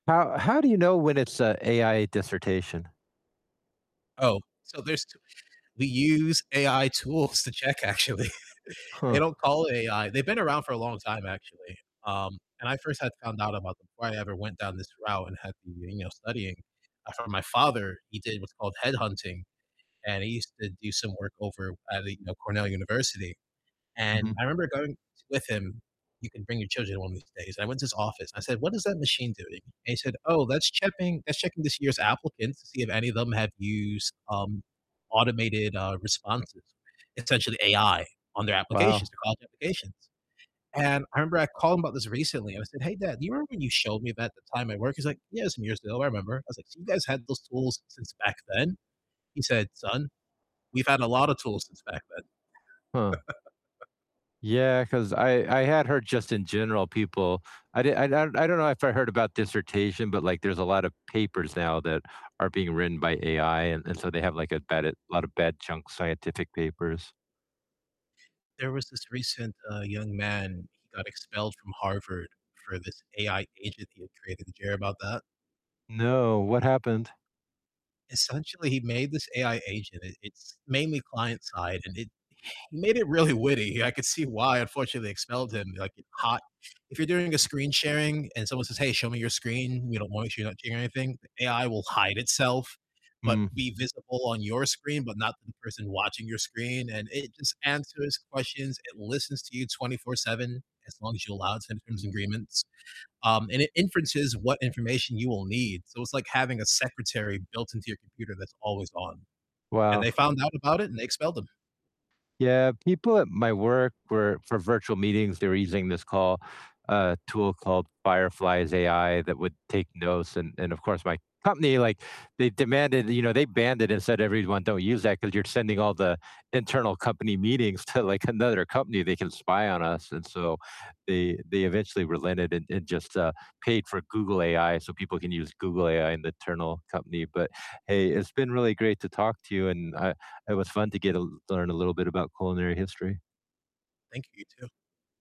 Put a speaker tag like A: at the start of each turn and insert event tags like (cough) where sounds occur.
A: How how do you know when it's a AI dissertation?
B: Oh, so there's (unintelligible) we use AI tools to check actually.
A: Huh.
B: They don't call it AI. They've been around for a long time, actually, um, and I first had found out about them before I ever went down this route and had been, you know, studying. I found my father, he did what's called headhunting, and he used to do some work over at, you know, Cornell University, and
A: Mhm.
B: I remember going with him- you can bring your children along these days- and I went to his office, and I said, "What is that machine doing?" And he said, "Oh, that's checking that's checking this year's applicants to see if any of them have used, um, automated, uh, responses," essentially AI on their applications,
A: Wow.
B: their college applications. And, I remember I called him about this recently. I w I said, "Hey, Dad, do you remember when you showed me that the time at work?" He's like, "Yeah, some years ago, I remember." I was like, "So you guys had those tools since back then?" He said, "Son, we've had a lot of tools since back then."
A: Huh.
B: (laughs)
A: Yeah, 'cause I I had heard just in general people I di I d I don't I don't know if I heard about dissertation, but, like, there's a lot of papers now that are being written by AI and and so they have, like, a bad i a lot of bad junk scientific papers.
B: There was this recent, uh, young man, he got expelled from Harvard for this AI agent he had created. Did you hear about that?
A: No, what happened?
B: Essentially, he made this AI agent. It it's mainly client side, and it he made it really witty, I could see why, unfortunately, they expelled him. Be like, it hot if you're doing a screen sharing and someone says, "Hey, show me your screen," and, you don't want to so you don't share anything, the AI will hide itself, but
A: Mm.
B: be visible on your screen, but not the person watching your screen, and it just answers questions, it listens to you 24/7, as long as you allow it to in terms and agreements, um, and it inferences what information you will need, so it's like having a secretary built into your computer that's always on. And
A: Wow.
B: they found out about it, and they expelled him.
A: Yeah, people at my work were for virtual meetings, they were using this call, uh, tool called Fireflies AI that would take notes and and of course my company, like, they demanded you know, they banned it and said, "Everyone don't use that, 'cause you're sending all the internal company meetings to, like, another company, they can spy on us." And so, they they eventually relented and and just, uh, paid for Google AI so people can use Google AI in the internal company, but, hey, it's been really great to talk to you and I it was fun to get a l learn a little bit about culinary history.
B: Thank you, you too.